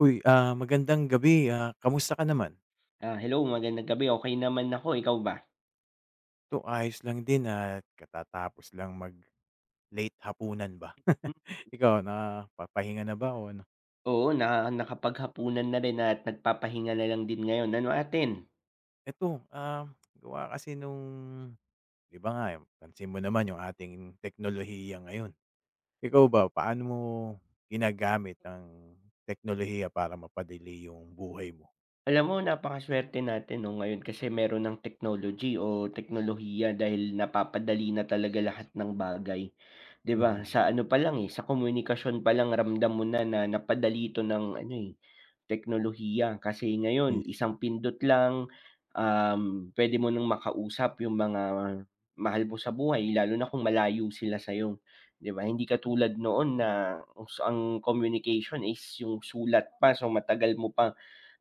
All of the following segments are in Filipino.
Uy, ah, magandang gabi, ah, kamusta ka naman? Ah, hello magandang gabi, okey naman ako ikaw ba? 'To ayos lang din at katatapos lang mag-late hapunan ba. M. Ikaw na papahinga na ba o ano? Oo, na nakapaghapunan na rin at nagpapahinga na lang din ngayon, ano atin? Ito, ah, gawa kasi nung di ba nga, pansin mo naman yung ating teknolohiya ngayon. Ikaw ba paano mo ginagamit ang teknolohiya para mapadali yung buhay mo? Alam mo napaka-suwerte natin 'no, ngayon kasi mayro'n ng technology o teknolohiya dahil napapadali na talaga lahat ng bagay. 'Di ba, Mhm. sa ano palang, eh, sa komunikasyon palang ramdam mo na na napadali ito ng ano, eh, teknolohiya. Kasi ngayon, Mismo. isang pindot lang, um, puwede mo ng makausap yung mga mahal mo sa buhay, lalo na kung malayo sila sa'yo 'di ba. Hindi katulad noon na os ang communication is yung sulat pa so, matagal mo pa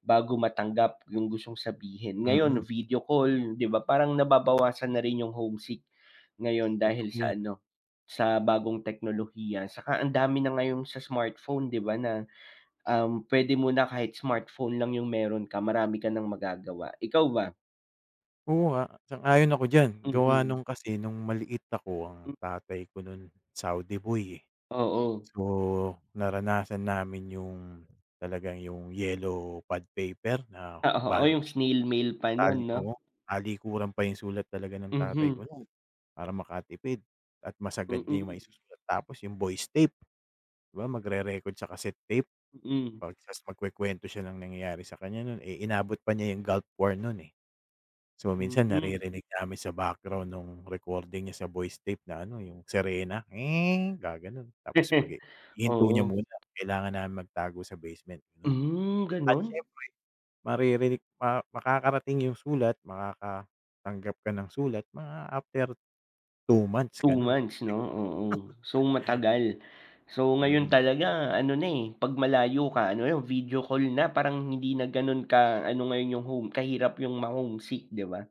bago matanggap yung gustong sabihin. Ngayon, Mm. video call 'di ba, parang nababawasan na rin yung homesick ngayon Totoo dahil sa 'yan. ano, sa bagong teknolohiya. 'Tsaka ang dami na ngayong sa smartphone 'di ba na, um, puwede mo na kahit smartphone lang yung mayro'n ka, marami ka ng magagawa, ikaw ba? Oo nga, sang-ayon ako diyan, gawa Mhm. nung kasi nung maliit ako Hmm. ang tatay ko no'n Saudi boy, eh. Oo. So, naranasan namin yung talagang yung yellow pad paper na Ah, oo bali yung snail mail pa no'n, no? taliko talikuran pa yung sulat talaga ng tatay ko Mhm. no'n para makatipid at masagad niya yung Mm. maisusulat. Tapos yung voice tape di ba, magrere-record sa cassette tape Mm. pag ta's magkukuwento siya ng nangyayari sa kanya no'n, eh, inabot pa nya yung Gulf War no'n, eh. So, minsan Mm. naririnig namin sa background nung recording niya sa voice tape na ano, eh, yung sirena "nge" gagano'n. Tapos magi ihinto niya Oo. muna kailangan na magtago sa basement gano'n Mhm, at gano'n? siyempre maririnig maka makakarating yung sulat makakatanggap ka ng sulat mga after 2 months Two gano'n. months 'no? Oo, [unintelligible] so matagal. So, ngayon Mm. talaga ano na, eh, pag malayo ka, ano lang, video call na. Parang hindi na gano'n ka ano ngayon yung home kahirap yung ma homesick, di ba?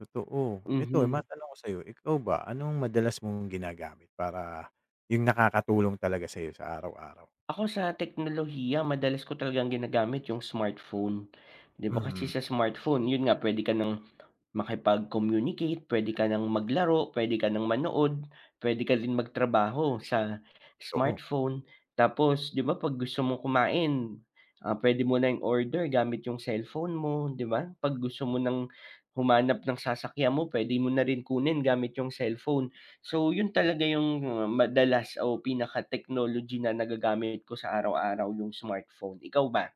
Totoo. Eto, eh, Mhm. matanong ko sa'yo. Ikaw ba, anong madalas mong ginagamit para 'yong nakakatulong talaga sayo sa araw-araw? Ako sa teknolohiya madalas ko talagang ginagamit 'yong smartphone. 'Di ba kasi Mhm. sa smartphone, 'yon nga, pwede ka nang makipag-communicate, puwede ka nang maglaro, pwede ka nang manood, puwede ka din magtrabaho sa Oo. smartphone. Tapos 'di ba pag gusto mo kumain, ah, pwede mo na i-order gamit 'yong cellphone mo, 'di ba? Pag gusto mo nang humanap ng sasakyan mo, pwede mo na rin kunin gamit 'yong cellphone. So 'yon talaga 'yong madalas o pinaka technology na nagagamit ko sa araw-araw, 'yong smartphone. Ikaw ba?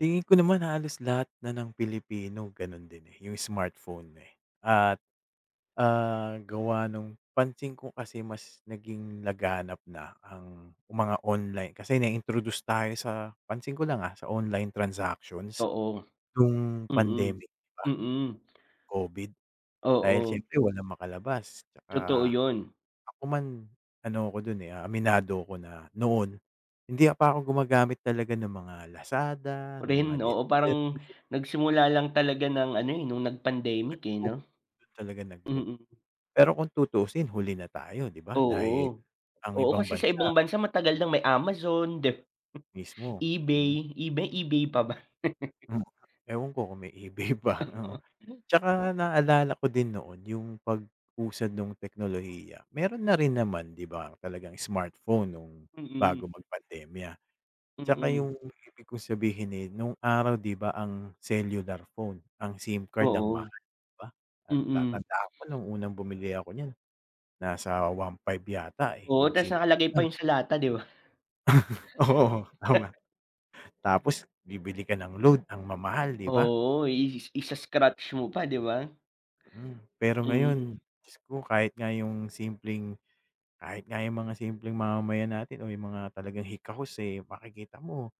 Tingin ko naman halos lahat na ng Pilipino gano'n din, eh, 'yong smartphone, eh. At, ah, gawa nung pansin ko kasi mas naging laganap na ang mga online. Kasi na-introduce tayo sa pansin ko lang, ah, sa online transactions Oo. no'ng Mm. pandemic, 'di ba? Mm. COVID. Dahil Oo. siyempre walang makalabas, tsaka Totoo 'yon. ako man, ano ko do'n, eh, ah, aminado ko na noon hindi a pa ako gumagamit talaga ng mga Lazada, Ako ng mga rin, oo. Parang delivery. nagsimula lang talaga ng ano, eh, no'ng nag-pandemic, eh, Nag-boom. 'no? Do'n talaga nag-boom. Mm. Pero kung tutuusin, huli na tayo, 'di ba, dahil Oo. ang Oo, ibang kasi sa bansa ibang bansa matagal nang may Amazon, dep mismo. Mm. eBay. eBay eBay pa ba? Hmm. Ewan ko kung may eBay pa, oo. Oo. Tsaka naalala ko din noon 'yong pag-usad nung teknolohiya. Meron na rin naman, 'di ba, talagang smartphone no'ng Mm. bago mag pandemya. Tsaka Mm. 'yong ibig kong sabihin, eh, no'ng araw, 'di ba ang cellular phone, ang SIM card ang Oo. mahal, 'di ba? Mm. Natatandaan ko no'ng unang bumili ako niyan, nasa 1500 yata eh, Oo, 'yong tas SIM nakalagay pa lang. 'yon sa lata, 'di ba? Oo tama. Tapos bibili ka ng load, ang mamahal, 'di ba? Oo, iis isa-scratch mo pa, 'di ba? Mm. Pero ngayon, Mm. Diyos ko, kahit nga 'yong simpleng kahit nga 'yong mga simpleng mamamayan natin o 'yong mga talagang hikahos, eh, makikita mo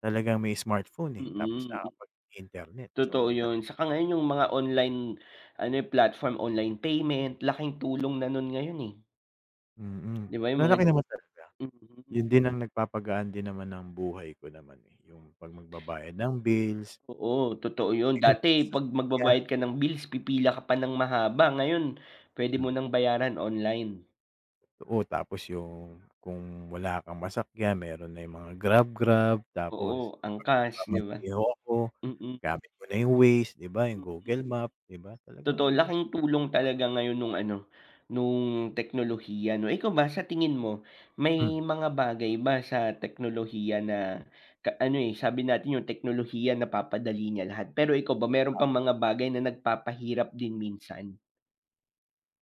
talagang may smartphone, eh. Tapos Mm. nakapag internet Totoo so ta 'yon. Tsaka ngayon 'yong mga online ano, eh, platform, online payment, laking tulong na nun ngayon, eh. Mm, 'Di ba 'yong mga malaki naman talaga. mm. 'Yon din ang nagpapagaan din naman ng buhay ko naman, eh, 'yong 'pag magbabayad ng bills Oo, totoo 'yon. 'Yon sa Dati pag sasakyan. magbabayad ka ng bills, pipila ka pa ng mahaba. Ngayon pwede mo Hmm. nang bayaran online. Totoo. Tapos 'yong kung wala kang masakyan meron na 'yong mga Grab, Grab. Tapos Oo, 'pag Angkas, 'di ba? nagmamaneho ako, Mm. gamit ko na 'yong Waze, 'di ba, 'yong Mm. Google Map, 'di ba? Totoo. Talagang Laking tulong [unintelligible] talaga ngayon nung ano, nung teknolohiya, 'no. Ikaw ba, sa tingin mo Hmm. may mga bagay ba sa teknolohiya na ka ano, eh, sabi natin 'yong teknolohiya napapadali niya lahat. Pero ikaw ba meron Ah. bang mga bagay na nagpapahirap din minsan?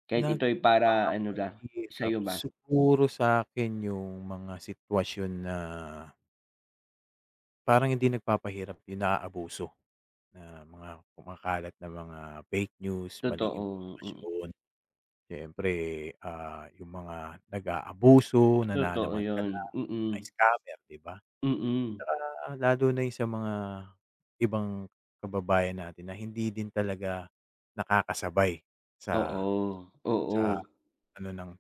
Kahit ito'y para ano ba, Nagpapahirap? sa'yo ba? Siguro sa'kin 'yong mga sitwasyon na parang hindi nagpapahirap, 'yong naaabuso na mga kumakalat na mga fake news, maling Totoong mm. impormasyon. Siyempre, ah, 'yong mga nag-aabuso, Totoo nananamantala, 'yon, mga mm. scammer, 'di ba? Mm. Tsaka lalo na 'yong sa mga ibang kababayan natin na hindi din talaga nakakasabay sa Oo, sa oo. ano ng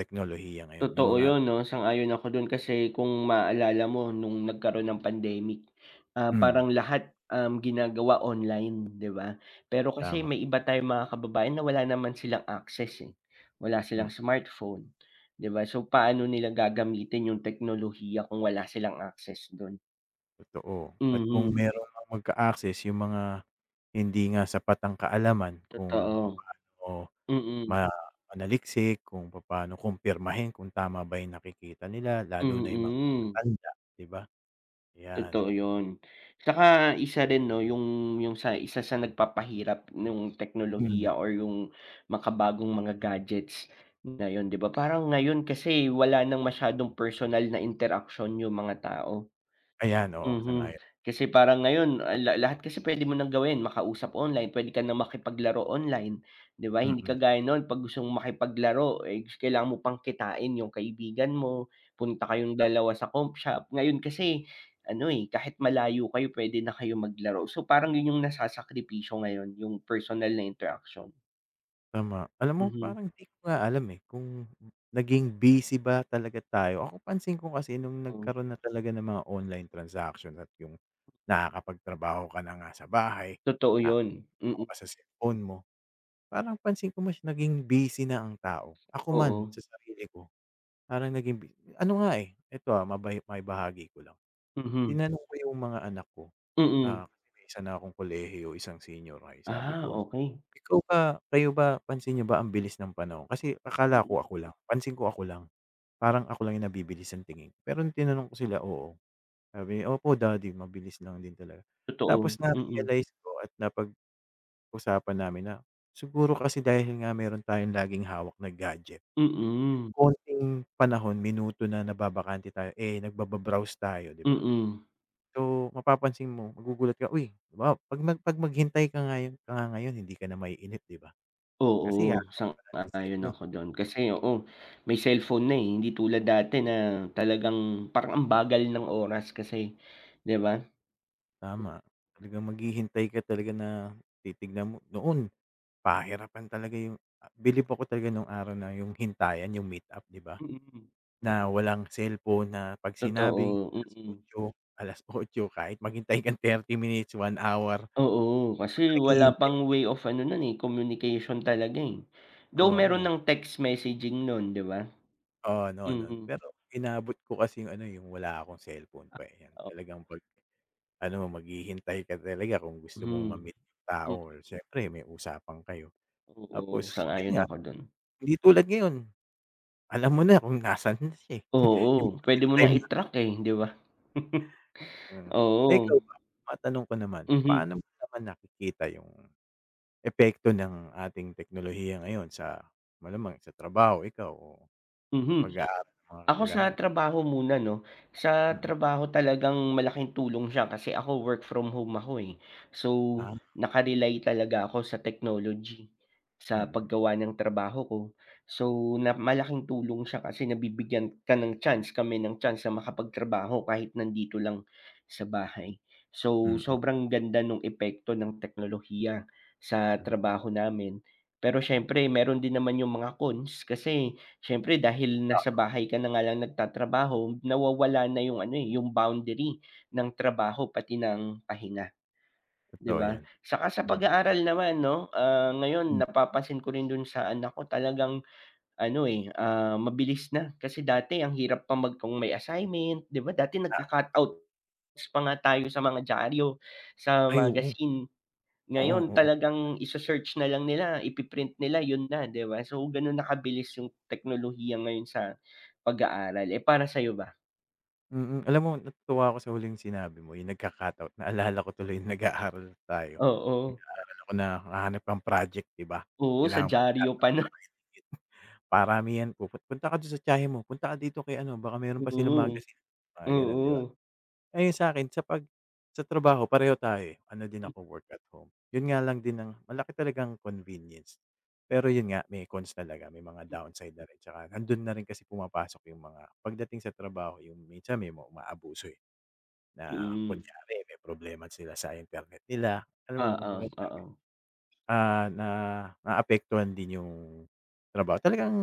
teknolohiya ngayon. 'Yong Totoo mga 'yon 'no. Sang-ayon ako do'n. Kasi kung maaalala mo nung nagkaroon ng pandemic, ah, Mm. parang lahat, uhm, ginagawa online, 'di ba? Pero kasi Tama. may iba tayong mga kababayan na wala naman silang access, eh. Wala silang Mm. smartphone, 'di ba? So paano nila gagamitin 'yong teknolohiya kung wala silang access do'n? Totoo, at kung Mhm. meron mang magka-access yung mga hindi nga sapat ang kaalaman kung Totoo. papaano Mm. ma manaliksik, kung papaano kumpirmahin kung tama ba yung nakikita nila lalo na yung mga Mm. matatanda, 'di ba? 'Yan. Totoo yun, tsaka isa rin, 'no, yung yung sa isa sa nagpapahirap nung Hmm. teknolohiya or yung makabagong mga gadgets ngayon, 'di ba? Parang ngayon kasi, wala ng masyadong personal na interaksyon yung mga tao. Ayan, oo, Mhm. sang-ayon. Kasi parang ngayon, ah, la lahat kasi puwede mo nang gawin, makausap online, puwede ka na makipaglaro online, 'di ba? Hindi Mm. kagaya nun, 'pag gusto mong makipaglaro, eh, kailangan mo pang kitain yung kaibigan mo, punta kayong Tama. dalawa sa comp shop. Ngayon kasi ano, eh, kahit malayo kayo, puwede na kayong maglaro. So, parang yun yung nasasakripisyo ngayon, yung personal na interaksyon. Tama. Alam mo, Mhm. parang 'di ko nga alam, eh, kung naging busy ba talaga tayo. Ako, pansin ko kasi nung Hmm. nagkaroon na talaga ng mga online transaction at yung nakakapagtrabaho ka na nga sa bahay. Totoo yun, Nakahawak mm. ka sa cellphone mo, parang pansin ko, mas naging busy na ang tao. Ako man Oo. sa sarili ko, parang naging bu ano nga, eh, eto, ah, maba maibahagi ko lang. Mhm. Tinanong ko yung mga anak ko. Ah, Mm. kasi may isa na akong kolehiyo, isang senior high, sabi Ah, ko, okey. "Ikaw ba, kayo ba, pansin niyo ba ang bilis ng panahon?" Kasi akala ko, Mm. ako lang. Pansin ko, ako lang. Parang ako lang yung nabibilis ang tingin, pero nung tinanong ko sila, oo, sabi nila, "Opo, Daddy, mabilis lang din talaga." Totoo, Tapos mm. na-realize ko at napag-usapan namin na siguro kasi dahil nga meron tayong laging hawak na gadget. Yung Mm. konting panahon, minuto na nababakante tayo, eh, nagbaba-browse tayo, 'di ba? Mm. So, mapapansin mo, magugulat ka, uy, halimbawa 'pag nag 'pag maghintay ka ngayon ka nga ngayon hindi ka na maiinip, 'di ba? Oo, Kasi hahawak ka na ng sang-ayon cellphone. ako dun kasi, oo. May cellphone na, eh, hindi tulad dati na talagang parang ang bagal ng oras kasi. 'Di ba? Tama. Talagang maghihintay ka talaga na titignan mo noon pahirapan talaga yung ah, bilib talaga ako nung araw na yung hintayan yung meet up, 'di ba? Mhm. Na walang cellphone na 'pag sinabing Totoo, alas mm. otso, 8:00, kahit maghintay kang 30 minutes, 1 hour. 'Di Oo, ba, kasi talagang wala hihintayin? pang way of ano nun, eh, communication talaga, eh. Though meron Oo. ng text messaging nun, 'di ba? Oo, noon noon. Mhm. Pero inabot ko kasi yung ano, eh, yung wala akong cellphone Ah, pa, eh. o Talagang 'pag ano, maghihintay ka talaga kung gusto mong Mhm, ma-meet yung tao mm. or siyempre may usapan kayo. Oo, Tapos yun sang-ayon nga, ako dun. hindi tulad ngayon, alam mo na kung nasaan siya, eh, yung Oo, puwede real mo na time na i-track, eh, hindi ba? Mm. Eh, Oo. ikaw ba, matanong ko naman, Mhm. paano mo naman nakikita yung epekto ng ating teknolohiya ngayon sa malamang, sa trabaho? Ikaw? O sa Mhm. pag-aaral ng mga Ako, kakilala sa mo? trabaho muna, 'no? Sa Mm. trabaho, talagang malaking tulong siya. Kasi ako, work from home ako, eh. So, Ah, okey. naka-rely talaga ako sa technology sa Mm. paggawa ng trabaho ko. So, na malaking tulong siya kasi nabibigyan ka ng chance, kami ng chance sa makapagtrabaho kahit nandito lang sa bahay. So, Mm. sobrang ganda nung epekto ng teknolohiya sa Mm. trabaho namin pero siyempre meron din naman yung mga cons kasi siyempre, dahil nasa Oo. bahay ka na nga lang nagtatrabaho, nawawala na yung ano, eh, yung boundary ng trabaho pati ng pahinga, 'di Totoo ba? yan. Saka sa Mm. pag-aaral naman, 'no, ah, ngayon Hmm. napapansin ko rin dun sa anak ko, talagang ano, eh, ah, mabilis na, kasi dati ang hirap pa mag kung may assignment, 'di ba? Dati Ah, o. nagka-cut outs pa nga tayo sa mga diaryo, sa Ay, oo. magazine. Oo, Ngayon, oo. talagang ise-search na lang nila, ipi-print nila, yun na, 'di ba? So, ganun na kabilis yung teknolohiya ngayon sa pag-aaral. Eh, para sa'yo ba? Mm, alam mo natutuwa ako sa huling sinabi mo, yung nagka-cut out, naalala ko tuloy nung nag-aaral tayo. Ah, oo. Nag-aaral ako na, hahanap ng project di ba, Oo, sa kailangan dyaryo pa nun. [unintelligible] Paramihan, puput "Punta ka dun sa tiyahin mo. Punta ka dito kay ano, baka meron pa silang Mm. magazine." Mga ganun, di ba? Mm. Ah, yung sa'kin sa pag sa trabaho pareho tayo, eh, ano din Hmm. ako work at home, yun nga lang din ang malaki talaga ang convenience. Pero yun nga, may cons talaga, may mga Hmm. downside na rin tsaka nandun na rin kasi pumapasok yung mga pagdating sa trabaho. Yung minsan may mga umaabuso, eh, na Mm. kunyari may problema sila sa internet nila. Alam mo, Oo, kumbaga sa'kin, oo. ah, naaapektuhan din yung trabaho. Talagang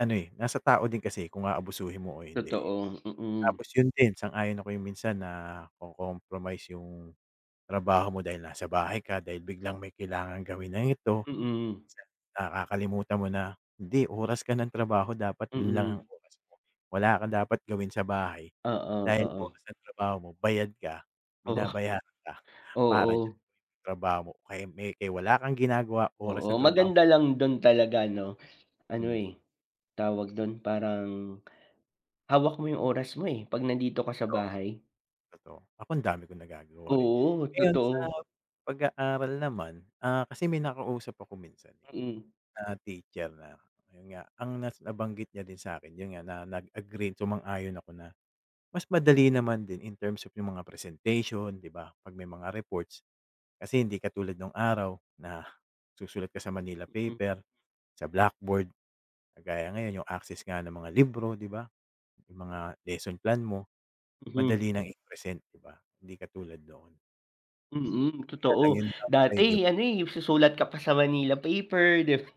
ano, eh, nasa tao din kasi, kung aabusuhin mo o hindi, eh. Totoo, mm. Tapos yun din, sang-ayon ako yung minsan nako-compromise yung trabaho mo dahil nasa bahay ka, dahil biglang may kailangang gawin na ito. Mm. Minsan, nakakalimutan mo na, hindi, oras ka ng trabaho dapat dun lang ang Mm. oras mo. Wala ka dapat gawin sa bahay Oo, dahil oo. oras ng trabaho mo, bayad ka, Oo, binabayaran ka, para diyan oo. trabaho mo. Kaya may, kay wala kang ginagawa oras Oo, ng trabaho maganda lang dun talaga 'no? Ano, Mm. eh, tawag dun, parang hawak mo yung oras mo, eh, pag nandito ka sa Totoo, bahay. totoo. Ako, ang dami kong nagagawa, eh. Oo, Ngayon sa totoo. pag-aaral naman, ah, kasi may nakausap ako minsan, eh, Mm. na teacher na, ayun nga. Ang nas nabanggit niya din sa'kin yun nga, na nag-agree, sumang-ayon ako na, mas madali naman din in terms of yung mga presentation, di ba, pag may mga reports. Kasi hindi katulad nung araw na susulat ka sa Manila Mm. paper, sa blackboard. Kagaya ngayon yung access nga ng mga libro, di ba, yung mga lesson plan mo, Mhm. madali ng i-present, di ba? Hindi katulad noon. Mm, Yun nga lang totoo. yung downside, yung Dati ano, eh, susulat ka pa sa manila paper, 'di ba?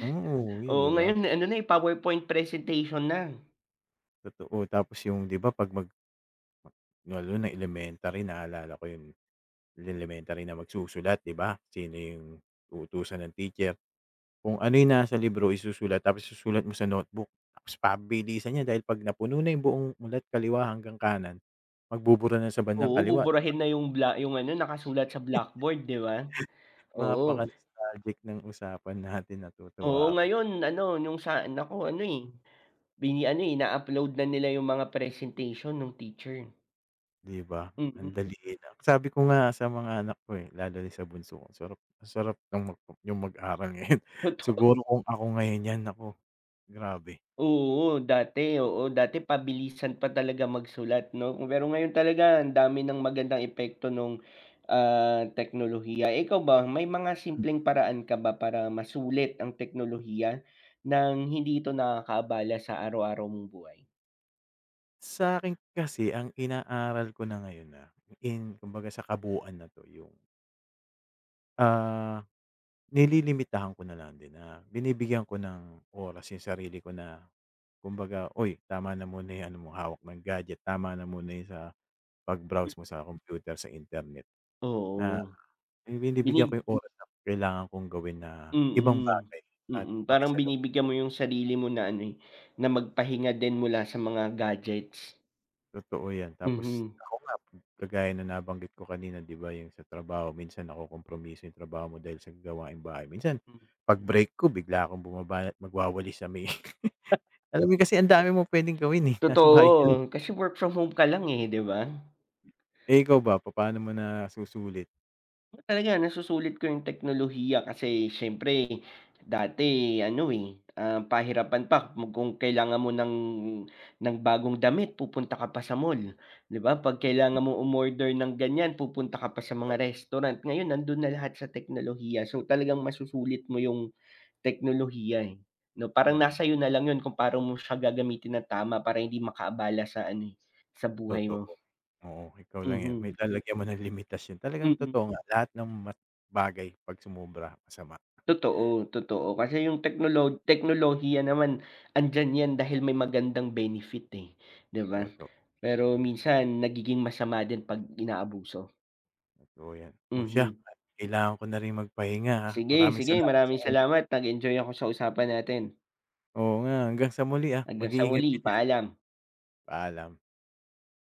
Mm, uuwi, 'di Oo, ba? ngayon ano na, eh, PowerPoint presentation na. Totoo, tapos yung, 'di ba 'pag mag lalo na elementary naalala ko yun, eh. Elementary na magsusulat, 'di ba? Sino yung uutusan ng teacher. Kung ano yung na sa libro isusulat, tapos isusulat mo sa notebook. Tapos pabilisan 'yan dahil 'pag napuno na yung buong mula't kaliwa hanggang kanan. Magbubura na sa bandang Oo, kaliwa, 'di ba? buburahin na yung bla yung ano nakasulat sa blackboard, 'di ba? Napaka Oo. nostalgic ng usapan natin, Oo, natutuwa ako. ngayon ano yung sa anak ko ano, eh, bini ano, ina-upload na nila yung mga presentation nung teacher. 'Di ba, ang Mm. dali lang. Sabi ko nga sa mga anak ko, eh, lalo yung sa bunso ko. Sarap, sarap ng mag yung mag-aral ngayon, Totoo. siguro kung ako ngayon yan naku, grabe! Oo, dati. Oo, dati pabilisan pa talaga magsulat, 'no. Pero ngayon talaga, ang dami ng magandang epekto nung, ah, teknolohiya. Ikaw ba may mga M. simpleng paraan ka ba para masulit ang teknolohiya nang hindi ito nakakaabala sa araw-araw mong buhay? Sa'kin kasi ang inaaral ko na ngayon na in kumbaga sa kabuuan na to yung ah, nililimitahan ko na lang din na binibigyan ko ng oras yung sarili ko na kumbaga, "Uy tama na muna yan ano mo hawak ng gadget, tama na muna yung sa Hmm. pag-browse mo sa kompyuter sa internet." Na Oo. binibigyan Binib ko yung oras na kailangan kong gawin na ibang Mm. bagay at Mm, parang pakisalamu binibigyan mo yung sarili mo na ano, eh, na magpahinga din mula sa mga gadgets. Totoo yan, tapos Mhm. ako nga kagaya na nabanggit ko kanina di ba, yung sa trabaho minsan nako-kompromiso yung trabaho mo dahil sa gawaing bahay. Minsan Hmm. pag break ko bigla akong bumabanat magwawalis sa may Alam mo kasi ang dami mo puwedeng gawin, eh, nasa bahay ka lang. Totoo, kasi work from home ka lang, eh, di ba? Eh, ikaw ba papaano mo nasusulit? Talaga nasusulit ko yung teknolohiya kasi siyempre dati ano, eh, ah, pahirapan pa mo kung kailangan mo ng ng bagong damit pupunta ka pa sa mall di ba, pag Hmm. kailangan mo umorder ng ganyan pupunta ka pa sa mga To restaurant. Ngayon nando'n na lahat sa teknolohiya. So, talagang masusulit mo yung teknolohiya, eh, 'no, parang Mm. nasa iyo na lang 'yon kung pa'no mo siya gagamitin ng tama para hindi makaabala sa ano, eh, sa buhay mo. Totoo. Oo, ikaw lang yan may Mhm. lalagyan mo ng limitasyon talagang Mm. totoo nga lahat ng ma bagay pag sumobra masama. Totoo, totoo. Kasi yung teknolo teknolohiya naman andiyan yan dahil may magandang benefit, eh, di ba? Toto Pero mm. minsan nagiging masama din pag inaabuso. Totoo yan. Oh, siya Mhm. kailangan ko na rin magpahinga, ha, Sige, maraming sige salamat sa maraming oras. salamat nag-enjoy ako sa usapan natin. Oo nga hanggang sa muli, ah, Hanggang sa mag-iingat ka muli, diyan. paalam. Paalam.